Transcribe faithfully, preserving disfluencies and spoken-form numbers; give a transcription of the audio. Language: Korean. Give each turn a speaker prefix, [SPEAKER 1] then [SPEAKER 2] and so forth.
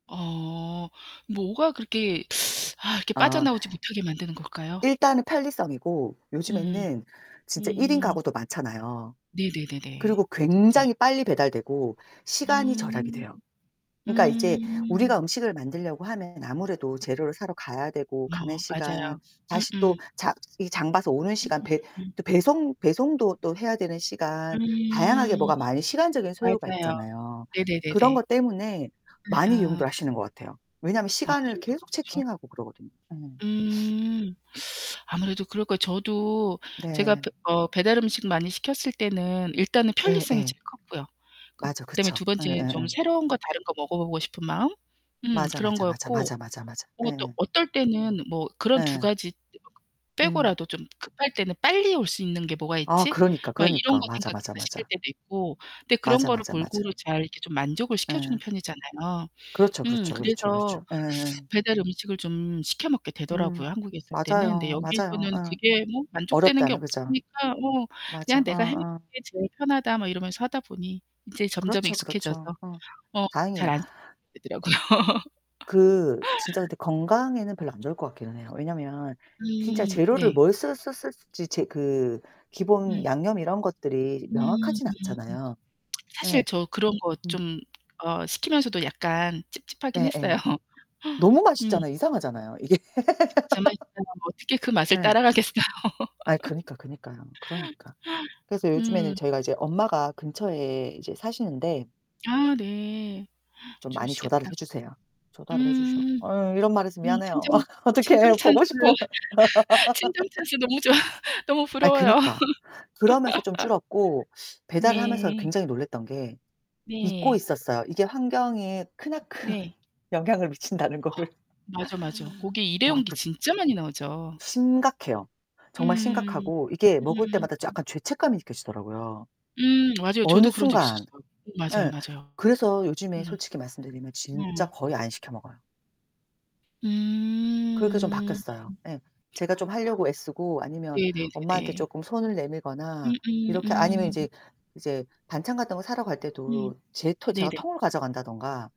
[SPEAKER 1] 어 뭐가 그렇게 아 이렇게
[SPEAKER 2] 아.
[SPEAKER 1] 빠져나오지 못하게 만드는 걸까요?
[SPEAKER 2] 일단은 편리성이고
[SPEAKER 1] 음.
[SPEAKER 2] 요즘에는 진짜 일인
[SPEAKER 1] 음.
[SPEAKER 2] 가구도 많잖아요.
[SPEAKER 1] 네네네네.
[SPEAKER 2] 그리고
[SPEAKER 1] 맞아요.
[SPEAKER 2] 굉장히 빨리 배달되고 시간이 절약이
[SPEAKER 1] 음.
[SPEAKER 2] 돼요. 그러니까 이제
[SPEAKER 1] 음.
[SPEAKER 2] 우리가 음식을 만들려고 하면 아무래도 재료를 사러 가야 되고 가는
[SPEAKER 1] 어,
[SPEAKER 2] 시간,
[SPEAKER 1] 맞아요.
[SPEAKER 2] 다시 또
[SPEAKER 1] 음음.
[SPEAKER 2] 자 이 장 봐서 오는 시간, 배
[SPEAKER 1] 음음음음.
[SPEAKER 2] 또 배송 배송도 또 해야 되는 시간 다양하게
[SPEAKER 1] 음.
[SPEAKER 2] 뭐가 많이 시간적인 소요가
[SPEAKER 1] 맞아요.
[SPEAKER 2] 있잖아요. 그런
[SPEAKER 1] 네네네네.
[SPEAKER 2] 것 때문에
[SPEAKER 1] 예
[SPEAKER 2] 많이
[SPEAKER 1] 아.
[SPEAKER 2] 이용들 하시는 것 같아요. 왜냐하면 시간을
[SPEAKER 1] 아무래도
[SPEAKER 2] 계속
[SPEAKER 1] 그렇죠.
[SPEAKER 2] 체킹하고 그러거든요. 어.
[SPEAKER 1] 음. 아무래도 그럴 거예요. 저도 제가 브
[SPEAKER 2] 네.
[SPEAKER 1] 어 배달 음식 많이 시켰을 때는 일단은 편리성이
[SPEAKER 2] 예예.
[SPEAKER 1] 제일 컸고요.
[SPEAKER 2] 맞아,
[SPEAKER 1] 그다음에
[SPEAKER 2] 그쵸.
[SPEAKER 1] 두 번째엔 좀
[SPEAKER 2] 예예예.
[SPEAKER 1] 새로운 거 다른 거 먹어 보고 싶은 마음 음
[SPEAKER 2] 맞아,
[SPEAKER 1] 그런
[SPEAKER 2] 맞아, 맞아,
[SPEAKER 1] 거였고
[SPEAKER 2] 맞아, 맞아, 맞아.
[SPEAKER 1] 뭐 또
[SPEAKER 2] 예예.
[SPEAKER 1] 어떨 때는 뭐 그런 두
[SPEAKER 2] 예.
[SPEAKER 1] 가지
[SPEAKER 2] 음.
[SPEAKER 1] 빼고라도 좀 급할 때는 '빨리 올 수 있는 게 뭐가
[SPEAKER 2] 아
[SPEAKER 1] 있지?'
[SPEAKER 2] 그러니까,
[SPEAKER 1] 막 이런
[SPEAKER 2] 그러니까.
[SPEAKER 1] 거
[SPEAKER 2] 맞아, 맞아,
[SPEAKER 1] 생각해서 시킬
[SPEAKER 2] 맞아.
[SPEAKER 1] 때도 있고 그런데 그런
[SPEAKER 2] 맞아,
[SPEAKER 1] 거를
[SPEAKER 2] 맞아, 맞아.
[SPEAKER 1] 골고루 잘 이렇게 좀 만족을 시켜 주는
[SPEAKER 2] 예.
[SPEAKER 1] 편이잖아요.
[SPEAKER 2] 그렇죠,
[SPEAKER 1] 음
[SPEAKER 2] 그렇죠, 그렇죠, 그렇죠.
[SPEAKER 1] 그래서
[SPEAKER 2] 예예예.
[SPEAKER 1] 배달 음식을 좀 시켜 먹게
[SPEAKER 2] 음
[SPEAKER 1] 되더라고요, 한국에 있을 때는. 그런데
[SPEAKER 2] 맞아요, 맞아요.
[SPEAKER 1] 여기에서는
[SPEAKER 2] 어.
[SPEAKER 1] 그게 뭐 만족되는 게
[SPEAKER 2] 어렵다는 그죠.
[SPEAKER 1] 없으니까 어
[SPEAKER 2] 맞아.
[SPEAKER 1] 그냥
[SPEAKER 2] 어
[SPEAKER 1] '내가 해 먹는
[SPEAKER 2] 어.
[SPEAKER 1] 게 제일 편하다.' 뭐 이러면서 하다 보니 이제 점점
[SPEAKER 2] 그렇죠,
[SPEAKER 1] 익숙해져서
[SPEAKER 2] 그렇죠. 어
[SPEAKER 1] 어 잘
[SPEAKER 2] 다행이에요.
[SPEAKER 1] 안 시켜 먹게 되더라고요.
[SPEAKER 2] 그 진짜 근데 건강에는 별로 안 좋을 것 같기는 해요. 왜냐하면 진짜
[SPEAKER 1] 음
[SPEAKER 2] 재료를
[SPEAKER 1] 네.
[SPEAKER 2] 뭘 썼-썼 썼었을지 재 그 기본
[SPEAKER 1] 음.
[SPEAKER 2] 양념 이런 것들이
[SPEAKER 1] 음 음음.
[SPEAKER 2] 명확하진 않잖아요.
[SPEAKER 1] 사실
[SPEAKER 2] 예.
[SPEAKER 1] 저 그런 거
[SPEAKER 2] 음.
[SPEAKER 1] 좀 어 시키면서도 약간 찝찝하긴
[SPEAKER 2] 네,
[SPEAKER 1] 했어요.
[SPEAKER 2] 예. 너무
[SPEAKER 1] 음.
[SPEAKER 2] 맛있잖아요. 이상하잖아요, 이게.
[SPEAKER 1] [unintelligible] 어떻게 그 맛을
[SPEAKER 2] 예.
[SPEAKER 1] 따라가겠어요.
[SPEAKER 2] 아이 그니까, 그니까요. 그러니까. 그래서 요즘에는
[SPEAKER 1] 음.
[SPEAKER 2] 저희가 이제 엄마가 근처에 이제 사시는데
[SPEAKER 1] 아 네.
[SPEAKER 2] 좀 많이 조달을
[SPEAKER 1] 좋으시겠다.
[SPEAKER 2] 해 주세요. 조달을 해 주셔.
[SPEAKER 1] 음.
[SPEAKER 2] 어 이런 말해서
[SPEAKER 1] 음
[SPEAKER 2] 미안해요.
[SPEAKER 1] 친정 친정
[SPEAKER 2] 어떡해,
[SPEAKER 1] 찬스.
[SPEAKER 2] 보고 싶어.
[SPEAKER 1] 친정 찬스 너무 좋아. 너무
[SPEAKER 2] 아이
[SPEAKER 1] 부러워요.
[SPEAKER 2] 그니까. 그러면서 좀 줄었고 배달을 하면서
[SPEAKER 1] 네.
[SPEAKER 2] 굉장히 놀랐던 게 잊고
[SPEAKER 1] 네.
[SPEAKER 2] 있었어요. 이게 환경에 크나큰
[SPEAKER 1] 네.
[SPEAKER 2] 영향을 미친다는 거를.
[SPEAKER 1] 아 맞아, 맞아. 고게
[SPEAKER 2] 와
[SPEAKER 1] 일회용기
[SPEAKER 2] 그
[SPEAKER 1] 진짜 많이 나오죠.
[SPEAKER 2] 심각해요. 정말
[SPEAKER 1] 음,
[SPEAKER 2] 심각하고 이게 먹을
[SPEAKER 1] 음.
[SPEAKER 2] 때마다 저 약간 죄책감이 느껴지더라고요,
[SPEAKER 1] 음, 맞아요.
[SPEAKER 2] 어느
[SPEAKER 1] 저도 그런 적
[SPEAKER 2] 순간.
[SPEAKER 1] 있었어요. 음 맞아요,
[SPEAKER 2] 예
[SPEAKER 1] 맞아요.
[SPEAKER 2] 그래서 요즘에
[SPEAKER 1] 음.
[SPEAKER 2] 솔직히 말씀드리면 진짜
[SPEAKER 1] 어.
[SPEAKER 2] 거의 안 시켜 먹어요. 그렇게 좀
[SPEAKER 1] 음.
[SPEAKER 2] 바뀌었어요. 예. 제가 좀
[SPEAKER 1] 아.
[SPEAKER 2] 하려고 애쓰고 아니면 엄마한테
[SPEAKER 1] 네네네네.
[SPEAKER 2] 쪼끔 손을 내밀거나
[SPEAKER 1] 음음
[SPEAKER 2] 이렇게 아니면
[SPEAKER 1] 음.
[SPEAKER 2] 이제 이제 반찬 같은 거 사러 갈
[SPEAKER 1] 음.
[SPEAKER 2] 때도 제 토 제가
[SPEAKER 1] 네네.
[SPEAKER 2] 통을 가져간다던가